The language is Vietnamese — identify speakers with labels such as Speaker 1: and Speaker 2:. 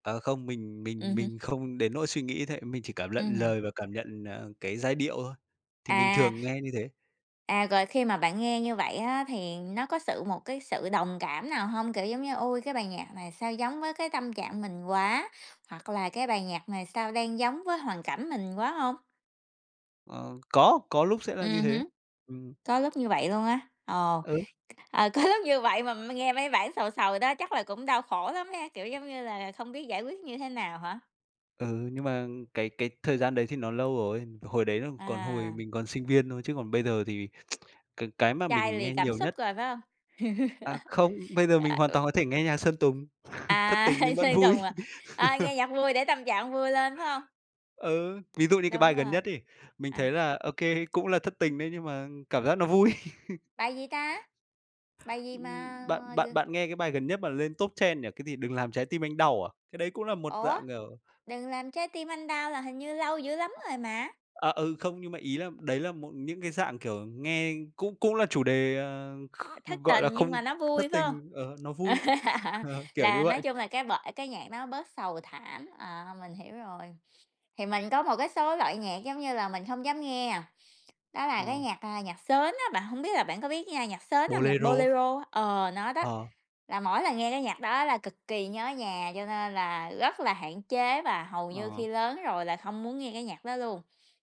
Speaker 1: Ờ, không, mình mình
Speaker 2: Ừm hứm.
Speaker 1: mình không đến nỗi suy nghĩ thế, mình chỉ cảm lận
Speaker 2: Ừm.
Speaker 1: lời và cảm nhận, à, cái giai điệu thôi. Thì mình
Speaker 2: À!
Speaker 1: thường nghe như thế.
Speaker 2: À, rồi, khi mà bạn nghe như vậy á thì nó có sự một cái sự đồng cảm nào hông? Kiểu, giống như: "Ôi, cái bài nhạc này sao giống với cái tâm trạng mình quá!" hoặc là "Cái bài nhạc này sao đang giống với hoàn cảnh mình quá." hông?
Speaker 1: Ờ, có, có lúc sẽ là như
Speaker 2: Ừm
Speaker 1: thế.
Speaker 2: hứm.
Speaker 1: Ừm.
Speaker 2: Có lúc như vậy luôn á. Ồ!
Speaker 1: Ừ.
Speaker 2: Ờ có lúc như vậy mà nghe mấy bản sầu sầu đó, chắc là cũng đau khổ lắm ha? Kiểu, giống như là không biết giải quyết như thế nào hả?
Speaker 1: Ừ, nhưng mà cái cái thời gian đấy thì nó lâu rồi, hồi đấy là còn hồi
Speaker 2: À!
Speaker 1: mình còn sinh viên thôi, chứ còn bây giờ thì cái cái mà
Speaker 2: Chai
Speaker 1: mình
Speaker 2: lì
Speaker 1: nghe
Speaker 2: cảm
Speaker 1: nhiều
Speaker 2: xúc
Speaker 1: nhất
Speaker 2: rồi phải hông?
Speaker 1: À, không, bây giờ mình
Speaker 2: À,
Speaker 1: hoàn
Speaker 2: ừ.
Speaker 1: toàn có thể nghe nhạc Sơn Tùng, thất
Speaker 2: À!
Speaker 1: tình nhưng vẫn
Speaker 2: Sơn
Speaker 1: vui.
Speaker 2: Tùng à? Ờ, nghe nhạc vui để tâm trạng vui lên phải hông?
Speaker 1: Ừ, ví dụ đi cái
Speaker 2: Đúng
Speaker 1: bài gần
Speaker 2: rồi,
Speaker 1: nhất ấy, mình thấy
Speaker 2: à.
Speaker 1: là OK, cũng là thất tình đấy nhưng mà cảm giác nó vui.
Speaker 2: Bài gì ta? Bài gì mà
Speaker 1: Ưm, bạn bạn
Speaker 2: gừ
Speaker 1: bạn nghe cái bài gần nhất mà lên top trend nhỉ, cái gì? "Đừng Làm Trái Tim Anh Đau" à? Cái đấy cũng là một
Speaker 2: Ủa,
Speaker 1: dạng, kiểu
Speaker 2: "Đừng Làm Trái Tim Anh Đau" là hình như lâu dữ lắm rồi mà?
Speaker 1: À, ừ, không, nhưng mà, ý là, đấy là một những cái dạng kiểu nghe cũng cũng là chủ đề, ờ, kh
Speaker 2: Thất
Speaker 1: gọi là,
Speaker 2: tình
Speaker 1: không
Speaker 2: nhưng mà nó
Speaker 1: thất
Speaker 2: vui, phải hông?
Speaker 1: tình, ờ, nó vui, ờ, kiểu
Speaker 2: Là
Speaker 1: như
Speaker 2: nói
Speaker 1: vậy.
Speaker 2: chung là cái bởi cái nhạc nó bớt sầu thảm, à, mình hiểu rồi. Thì mình có một cái số loại nhạc giống như là mình không dám nghe, đó là cái
Speaker 1: Ờ.
Speaker 2: nhạc, à, nhạc sến á, bạn hông biết là bạn có biết nghe nhạc sến hông? Nhạc
Speaker 1: Bolero.
Speaker 2: Bolero á ờ, nó đó.
Speaker 1: Ờ.
Speaker 2: Là mỗi lần nghe cái nhạc đó là cực kỳ nhớ nhà, cho nên là rất là hạn chế và hầu như
Speaker 1: Ờ.
Speaker 2: khi lớn rồi là không muốn nghe cái nhạc đó luôn.